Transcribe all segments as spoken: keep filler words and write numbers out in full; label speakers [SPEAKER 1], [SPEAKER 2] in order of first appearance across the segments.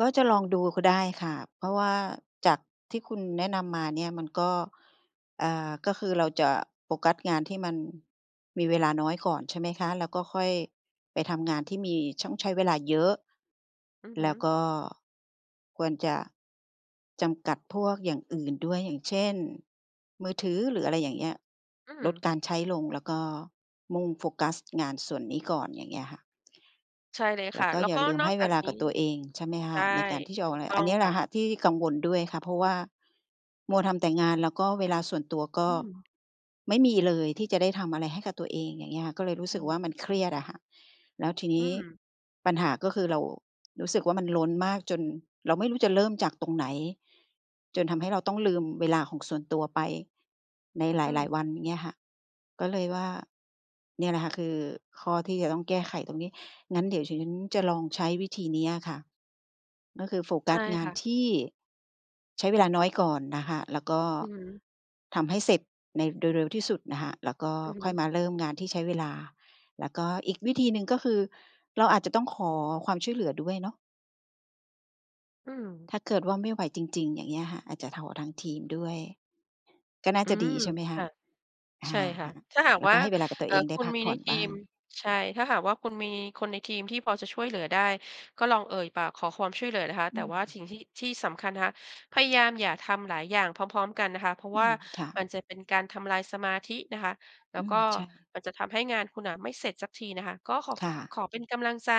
[SPEAKER 1] ก็จะลองดูก็ได้ค่ะ เพราะว่าจากที่คุณแนะนำมาเนี่ย มันก็ อ่า ก็คือเราจะโฟกัสงานที่มันมีเวลาน้อยก่อน ใช่ไหมคะ แล้วก็ค่อยไปทำงานที่มีช่อง ใช้เวลาเยอะ
[SPEAKER 2] อือฮ
[SPEAKER 1] แล
[SPEAKER 2] ึ
[SPEAKER 1] ้วก็ควรจะจำกัดพวกอย่างอื่นด้วย อย่างเช่น มือถือ หรืออะไรอย่างเงี้ย
[SPEAKER 2] อื
[SPEAKER 1] ลด
[SPEAKER 2] ม
[SPEAKER 1] การใช้ลง แล้วก็มุ่งโฟกัสงานส่วนนี้ก่อน อย่างเงี้ยค่ะ
[SPEAKER 2] ใช่เลย
[SPEAKER 1] แล
[SPEAKER 2] ค
[SPEAKER 1] ้
[SPEAKER 2] ่ะ
[SPEAKER 1] วก็
[SPEAKER 2] แล้ว
[SPEAKER 1] อย่
[SPEAKER 2] ก
[SPEAKER 1] า
[SPEAKER 2] ็
[SPEAKER 1] ลืม
[SPEAKER 2] น
[SPEAKER 1] ใ
[SPEAKER 2] อ
[SPEAKER 1] ห้
[SPEAKER 2] กจ
[SPEAKER 1] เว
[SPEAKER 2] าก
[SPEAKER 1] ลา
[SPEAKER 2] นี
[SPEAKER 1] ก
[SPEAKER 2] ้
[SPEAKER 1] ับตัวเอง ใช่ไหมค
[SPEAKER 2] ใช
[SPEAKER 1] ะ
[SPEAKER 2] ่
[SPEAKER 1] ในการที่จะอ
[SPEAKER 2] ถ
[SPEAKER 1] อ
[SPEAKER 2] ู
[SPEAKER 1] ก อะ
[SPEAKER 2] ก
[SPEAKER 1] ไร
[SPEAKER 2] ต้
[SPEAKER 1] อ
[SPEAKER 2] อ
[SPEAKER 1] ัน
[SPEAKER 2] ง
[SPEAKER 1] เนี้ยแ
[SPEAKER 2] ค
[SPEAKER 1] หล
[SPEAKER 2] ่ะ
[SPEAKER 1] ะค่ะ ที่กังวลด้วยค่ะ เพราะว่า มัวทำแต่งาน แล้วก็เวลาส่วนตัว ก็
[SPEAKER 2] อืม
[SPEAKER 1] ไม่มีเลย ที่จะได้ทำอะไรให้กับตัวเอง อย่างเงี้ยค่ะ ก็เลยรู้
[SPEAKER 2] อื
[SPEAKER 1] สึกว
[SPEAKER 2] อ
[SPEAKER 1] ่า
[SPEAKER 2] ฮ
[SPEAKER 1] มั
[SPEAKER 2] ึ
[SPEAKER 1] นเครียดอะค่ะ แล้วทีน
[SPEAKER 2] อื
[SPEAKER 1] ี้
[SPEAKER 2] ม
[SPEAKER 1] ปัญหาก็คือเรา รู้สึกว่ามันล้นมากจนเราไม่รู้จะเริ่มจากตรงไหน จนทำให้เราต้องลืมเวลาของส่วนตัวไปในห
[SPEAKER 2] อื
[SPEAKER 1] ลาย
[SPEAKER 2] ม
[SPEAKER 1] ๆ วัน อย่างเงี้ยค่ะ ก็เลยว่าเนี่ยแหละค่ะ คือข้อที่จะต้องแก้ไขตรงนี้ งั้นเดี๋ยวดิฉันจะลองใช้วิธีเนี้ยค่ะ ก็คือโฟก
[SPEAKER 2] ใช
[SPEAKER 1] ั
[SPEAKER 2] ่
[SPEAKER 1] สงา
[SPEAKER 2] ค
[SPEAKER 1] น
[SPEAKER 2] ่ะ
[SPEAKER 1] ที่ใช้เวลาน้อยก่อนนะคะ แล้วก็
[SPEAKER 2] อือฮึ
[SPEAKER 1] ทำให้เสร็จในเร็ว ๆ ที่สุดน่ะค่ะ แล้วก็
[SPEAKER 2] อือฮ
[SPEAKER 1] ค่
[SPEAKER 2] ึ
[SPEAKER 1] อยมาเริ่มงานที่ใช้เวลา แล้วก็อีกวิธีหนึ่ง ก็คือเราอาจจะต้องขอความช่วยเหลือด้วยเนาะ
[SPEAKER 2] อืม
[SPEAKER 1] ถ้าเกิดว่าไม่ไหวจริง ๆ อย่างเงี้ยค่ะ อาจจะถอ ทางทีมด้วย ก็น่า
[SPEAKER 2] อื
[SPEAKER 1] จะ
[SPEAKER 2] ม
[SPEAKER 1] ดีใช่ไหมค
[SPEAKER 2] ค
[SPEAKER 1] ะ
[SPEAKER 2] ่ะ
[SPEAKER 1] อ
[SPEAKER 2] ใ
[SPEAKER 1] า
[SPEAKER 2] ช่ค่ะ
[SPEAKER 1] ค่ะ
[SPEAKER 2] ถ้าหาก
[SPEAKER 1] แล้ว
[SPEAKER 2] ว่
[SPEAKER 1] ก
[SPEAKER 2] า
[SPEAKER 1] ็ให้เวลากับตั
[SPEAKER 2] เ
[SPEAKER 1] ว
[SPEAKER 2] อ่
[SPEAKER 1] เ
[SPEAKER 2] อ
[SPEAKER 1] องได
[SPEAKER 2] ค
[SPEAKER 1] ้
[SPEAKER 2] ุณ
[SPEAKER 1] พัก
[SPEAKER 2] มี
[SPEAKER 1] ผ
[SPEAKER 2] ใ
[SPEAKER 1] ่
[SPEAKER 2] น
[SPEAKER 1] อน
[SPEAKER 2] ที
[SPEAKER 1] บ้า
[SPEAKER 2] ม
[SPEAKER 1] ง
[SPEAKER 2] ใช่ ถ้าหากว่าคุณมีคนในทีมที่พอจะช่วยเหลือได้ ก็ลองเอ่ยปากขอความช่วยเหลือนะคะ
[SPEAKER 1] อ
[SPEAKER 2] แต
[SPEAKER 1] ือ
[SPEAKER 2] ่ว่า
[SPEAKER 1] อืม
[SPEAKER 2] ฉิ่งที่ ที่สำคัญนะคะ พยายามอย่าทำหลายอย่างพร้อม ๆ กันนะคะ เพราะ
[SPEAKER 1] อื
[SPEAKER 2] ว่า
[SPEAKER 1] ม ค่ะ
[SPEAKER 2] มันจะเป็นการทำลายสมาธินะคะ แล้
[SPEAKER 1] อ
[SPEAKER 2] ว
[SPEAKER 1] ื
[SPEAKER 2] ก็
[SPEAKER 1] ม ใช่
[SPEAKER 2] มันจะทำให้งานคุณน่ะไม่เสร็จสักทีนะคะ ก็ขอ
[SPEAKER 1] ค
[SPEAKER 2] ข
[SPEAKER 1] ่
[SPEAKER 2] ข
[SPEAKER 1] ะ
[SPEAKER 2] อเป็นกำลังใจ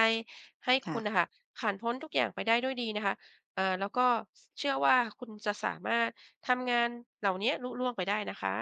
[SPEAKER 2] ให้
[SPEAKER 1] ค
[SPEAKER 2] ค
[SPEAKER 1] ่
[SPEAKER 2] ุณน่
[SPEAKER 1] ะ
[SPEAKER 2] ะค่ะ ผ่านพ้นทุกอย่างไปได้ด้วยดีนะคะ อ่า แล้วก็ ช เชื่อว่า คุณจะสามารถทำงานเหล่าเนี้ยลุล่วงไปได้นะคะ